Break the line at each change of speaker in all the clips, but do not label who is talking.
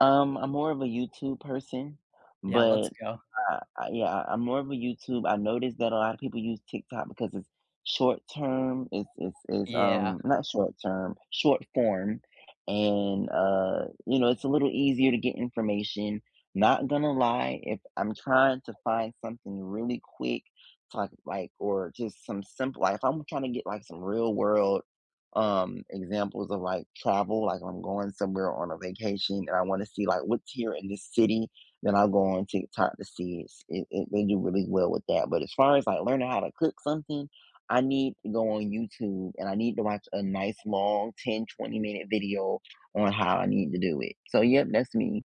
Um, I'm more of a YouTube person,
Yeah, let's
but,
go.
uh uh Yeah, I'm more of a YouTube I noticed that a lotta people use TikTok because it's short-term, it's it's it's,
Yeah.
um not short-term, short-form, and, uh, you know, it's a little easier to get information. Not gonna lie, if I'm trying to find something really quick, it's like or just some simple like, if I'm tryna get, like, some real-world, um, examples of, like, travel, like, I'm going somewhere on a vacation, and I wanna see, like, "What's here in this city?" Then, I'll go on TikTok to see, it's it it they do really well with that, but as far as, like, learning how to cook something, I need to go on YouTube, and I need to watch a nice, long, 10, twenty-minute video on how I need to do it, so, yep, that's me.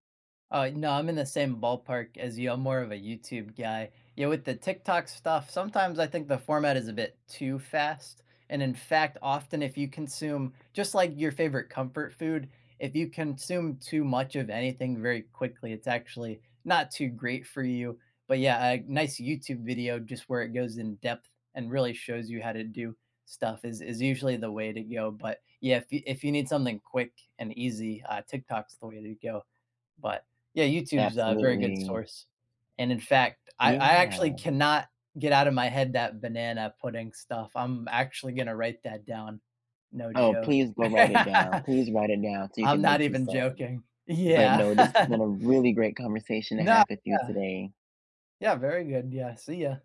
Uh, no, I'm in the same ballpark as you, I'm more of a YouTube guy. Yeah, with the TikTok stuff, sometimes I think the format is a bit too fast, and, in fact, often, if you consume just, like, your favorite comfort food, if you consume too much of anything very quickly, it's actually not too great for you, but, yeah, a nice YouTube video, just where it goes in-depth and really shows you how to do stuff is is usually the way to go, but, yeah, if y if you need something quick and easy, uh, Tiktok's the way to go, but yeah, YouTube's a very good
Absolutely.
source, and, in fact, I I actually
Yeah.
cannot get out of my head that banana pudding stuff, I'm actually gonna write that down. No
Oh,
joke.
please go write it down. Please write it down so you
I'm
can
not
make you
even
some.
joking.
But,
Yeah.
no, this has been a really great conversation to
No
have with you
Yeah.
today.
Yeah, very good, yeah. See ya.